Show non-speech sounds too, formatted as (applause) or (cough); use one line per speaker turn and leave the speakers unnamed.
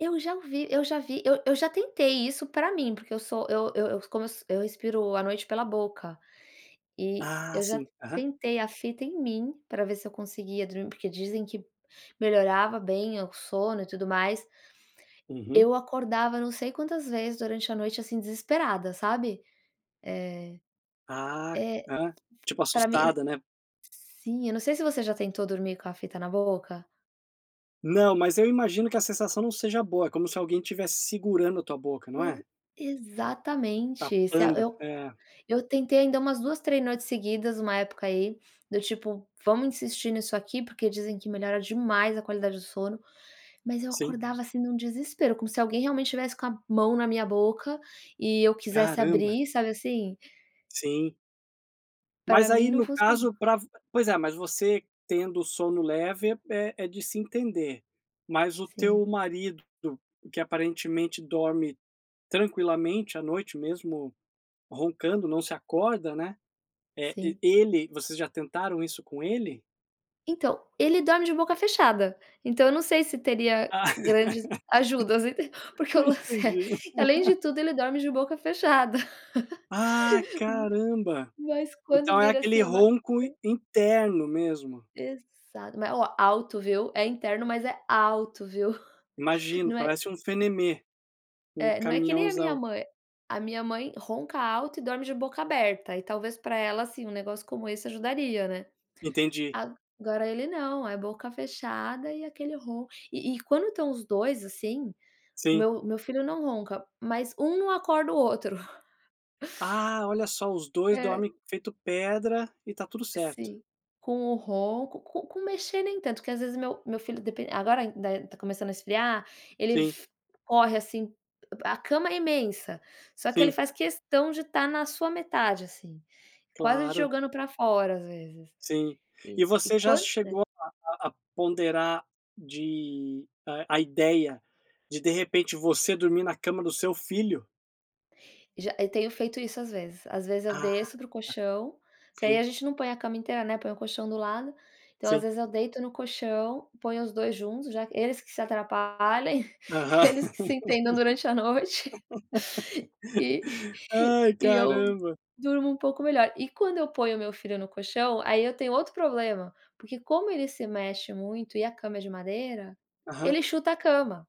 Eu já ouvi eu já vi eu eu já tentei isso para mim, porque eu sou eu eu eu como eu so eu respiro à noite pela boca, e
Ah
eu já
sim, aham.
tentei a fita em mim para ver se eu conseguia dormir porque dizem que melhorava bem o sono e tudo mais.
Uhum.
Eu acordava não sei quantas vezes durante a noite, assim, desesperada, sabe, eh
Ah
é,
ah, tipo,
para mim
assustada, né.
sim, eu não sei se você já tentou dormir com a fita na boca
Não, mas eu imagino que a sensação não seja boa, como se alguém tivesse segurando a tua boca, não
Ex
é?
exatamente, se a
Tapando,
eu
é.
eu tentei ainda umas 2, 3 noites seguidas uma época aí, do tipo: "Vamos insistir nisso aqui, porque dizem que melhora demais a qualidade do sono", mas eu
Sim.
acordava, assim, em um desespero como se alguém realmente estivesse com a mão na minha boca e eu quisesse
Caramba.
abrir, sabe, assim?
Sim.
Para
Mas
mim
aí
não
no
funcionou.
caso para v pois é, mas você tendo o sono leve é é de se entender. Mas o teu
Sim.
marido que aparentemente dorme tranquilamente à noite mesmo roncando não se acorda, né, eh,
Sim.
ele vocês já tentaram isso com ele?
Então, ele dorme de boca fechada. Então eu não sei se teria
Ah.
grandes ajudas, entendeu, porque o
(laughs)
lance é,
Entendi.
além de tudo ele dorme de boca fechada.
Ah,
(laughs)
caramba.
M mas quando
Então é
vira,
aquele
assim, a barriga
ronco i interno mesmo.
Exato. Mas olha, alto viu, é interno mas é alto viu? (chuckles)
Imagino,
Não é
parece um fenéme, um
É, não é que nem a minha
caminhãozão.
mãe. A minha mãe ronca alto e dorme de boca aberta e talvez para ela, assim, um negócio como esse ajudaria, né.
Entendi.
Agora ele não, é boca fechada e aquele ronco e e quando estão os 2, assim,
Sim.
meu meu filho não ronca, mas um não acorda o outro. (chuckles)
Ah, olha só, os 2
É.
dormem feito pedra e está tudo certo.
Sim, com o ronco, com com mexer nem tanto, que às vezes meu meu filho depen agora ainda está começando a esfriar, ele
Sim.
f corre assim, a a cama é imensa, só que ele
Sim.
faz questão de estar na sua metade, assim, quase te
Claro.
jogando para fora, às vezes.
Sim. E
E e
você já
quanta
chegou a a a ponderar de a a ideia de de repente você dormir na cama do seu filho?
Já, eu tenho feito isso às vezes. Às vezes, eu
Ah,
desço para o colchão, porque aí a
sim.
gente não põe a cama inteira, né, põe o colchão do lado. Então, às
Sim.
vezes, eu deito no colchão, ponho os 2 juntos já eles que se atrapalhem,
Aham.
(chuckles) eles que se entendam durante a noite, (chuckles) e
(laughs) Ai,
e eu
caramba.
durmo um pouco melhor. E quando eu ponho o meu filho no colchão, aí eu tenho outro problema, porque como ele se mexe muito e a cama é de madeira,
Aham.
ele chuta a cama.